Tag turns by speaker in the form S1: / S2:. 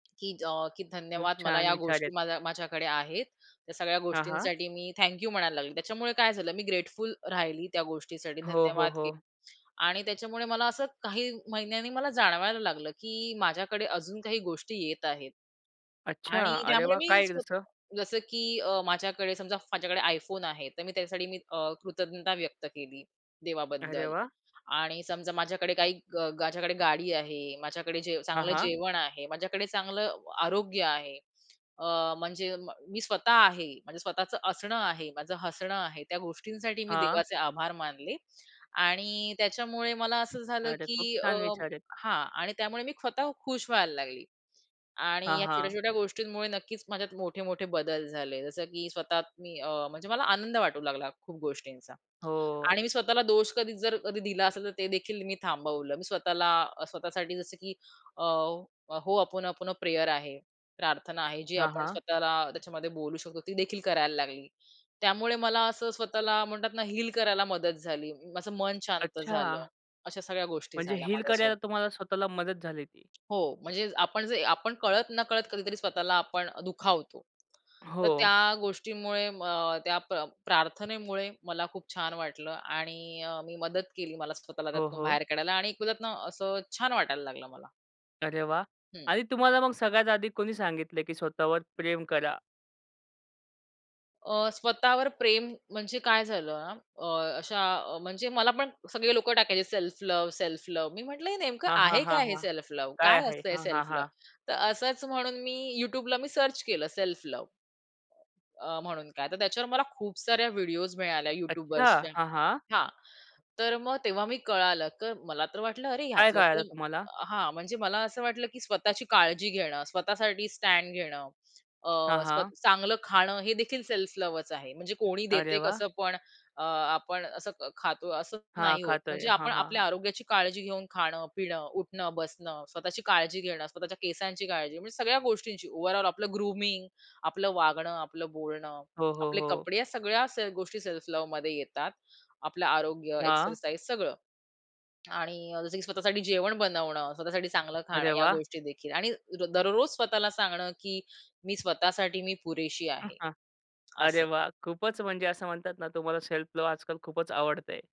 S1: की अ, की
S2: खूप
S1: धन्यवाद मला
S2: छान
S1: या
S2: विचार
S1: गोष्टी
S2: आहेत.
S1: माझ्या माझ्याकडे आहेत. त्या सगळ्या
S2: हां, हां.
S1: गोष्टींसाठी मी थँक यू म्हणायला लागली. त्याच्यामुळे काय झालं मी ग्रेटफुल राहिली त्या गोष्टीसाठी,
S2: हो, हो,
S1: धन्यवाद के
S2: हो.
S1: आणि त्याच्यामुळे मला असं काही महिन्यांनी मला जाणवायला लागलं, की माझ्याकडे अजून काही गोष्टी येत आहेत
S2: अच्छा!
S1: आणि
S2: अरे
S1: त्यामुळे
S2: वाह!
S1: मी
S2: काय एक जसं?
S1: स्वतः जसं की अ, माझ्याकडे समजा माझ्याकडे iPhone आहे, तर मी त्याच्यासाठी मी अ, कृतज्ञता व्यक्त केली,
S2: अरे
S1: देवाबद्दल.
S2: वाह!
S1: आणि समजा माझ्याकडे काही माझ्याकडे गाडी आहे, माझ्याकडे जे
S2: हां,
S1: चांगलं
S2: हां.
S1: जेवण आहे, माझ्याकडे चांगलं आरोग्य आहे. अ, म्हणजे म मी स्वतः आहे, माझ्या स्वतःचं असणं आहे, माझं हसणं आहे, त्या गोष्टींसाठी मी
S2: हां.
S1: देवाचे आभार मानले आणि त्याच्यामुळे मला असं झालं
S2: अरे, खूप
S1: की अ,
S2: छान विचार आहेत.
S1: हां, आणि त्यामुळे मी स्वतः खुश व्हायला लागली. आणि
S2: हां,
S1: या
S2: हां.
S1: छोट्या-छोट्या गोष्टींमुळे नक्कीच माझ्यात मोठे-मोठे बदल झाले जसं की स्वतः मी अ, म्हणजे मला आनंद वाटू लागला खूप गोष्टींचा.
S2: हो.
S1: आणि मी स्वतःला दोष कधी जर कधी दिला असेल तर ते देखील मी थांबवलं. मी स्वतःला अ, स्वतःसाठी जसं की अ, Ho'oponopono प्रेयर आहे प्रार्थना आहे, जी
S2: हां,
S1: आपण
S2: हां.
S1: स्वतःला त्याच्यामध्ये बोलू शकतो ती देखील करायला लागली त्यामुळे मला असं स्वतःला म्हणतात ना हील करायला मदत झाली. माझं मन शांत झालं,
S2: अच्छा!
S1: अशा सगळ्या गोष्टी
S2: म्हणजे
S1: झाल्या
S2: हील
S1: माझ्यासोबत.
S2: करायला तुम्हाला स्वतःला मदत झाली ती.
S1: हो, म्हणजे आपण जे आपण कळत नकळत कधीतरी स्वतःला आपण दुखावतो. तर त्या
S2: हो.
S1: गोष्टीमुळे अ, त्या प्र प्रार्थनेमुळे मला खूप छान वाटलं आणि अ, मी मदत केली मला स्वतःला
S2: हो,
S1: त्यातनं
S2: हो.
S1: बाहेर काढायला आणि एक म्हणतात ना, असं छान वाटायला लागलं मला.
S2: अरे वाह!
S1: हं.
S2: आणि तुम्हाला मग सगळ्यात आधी कोणी सांगितलं की स्वतःवर प्रेम करा?
S1: अ, स्वतःवर प्रेम म्हणजे काय झालं ना, अ, अशा अ, म्हणजे मला पण सगळे लोकं टाकायचे, "सेल्फ लव्ह, सेल्फ लव्ह." मी म्हटलं हे नेमकं
S2: हां, हां,
S1: आहे
S2: हां,
S1: काय हे
S2: हां.
S1: Self love?
S2: काय
S1: काय
S2: आहे,
S1: असतं हे
S2: हां, हां,
S1: सेल्फ लव्ह?
S2: हां.
S1: तर असंच म्हणून मी YouTubeला मी सर्च केलं सेल्फ लव्ह अ, अ, म्हणून काय. तर त्याच्यावर मला खूप साऱ्या व्हिडिओज मिळाल्या
S2: अच्छा!
S1: YouTubeर्सच्या.
S2: हां, हां.
S1: हां, तर मग तेव्हा मी कळालं. तर मला तर वाटलं अरे
S2: काय
S1: ह्यातलं
S2: कळालं
S1: तर
S2: तुम्हाला?
S1: हां, म्हणजे मला असं वाटलं की स्वतःची काळजी घेणं स्वतःसाठी स्टँड घेणं अ,
S2: हां, हां.
S1: स्वतः चांगलं खाणं हे देखील सेल्फ लव्हच आहे. म्हणजे कोणी
S2: अरे
S1: देते
S2: वाह!
S1: कसं पण अ, आपण असं ख खातो असं
S2: हां,
S1: नाही होत.
S2: खातोय.
S1: म्हणजे
S2: हां,
S1: आपण
S2: हां,
S1: आपल्या
S2: हां.
S1: आरोग्याची काळजी घेऊन खाणं, पिणं, उठणं, बसणं, स्वतःची काळजी घेणं, स्वतःच्या केसांची काळजी म्हणजे सगळ्या गोष्टींची ओव्हरऑल आपलं ग्रूमिंग, आपलं वागणं, आपलं बोलणं,
S2: हो, हो,
S1: आपले
S2: हो.
S1: कपडे या सगळ्या से गोष्टी सेल्फ लव्हमध्ये येतात. आपलं आरोग्य,
S2: हां.
S1: एक्सरसाइज सगळं. आणि अ, जसं की स्वतःसाठी जेवण बनवणं, स्वतःसाठी चांगलं खाणं
S2: अरे
S1: या
S2: वाह!
S1: गोष्टी देखील आणि र दररोज स्वतःला सांगणं की "मी स्वतःसाठी मी पुरेशी
S2: हां,
S1: आहे."
S2: हां. अरे
S1: असं.
S2: वाह! खूपच म्हणजे असं म्हणतात ना तुम्हाला सेल्फ लव्ह आजकाल खूपच आवडतंय.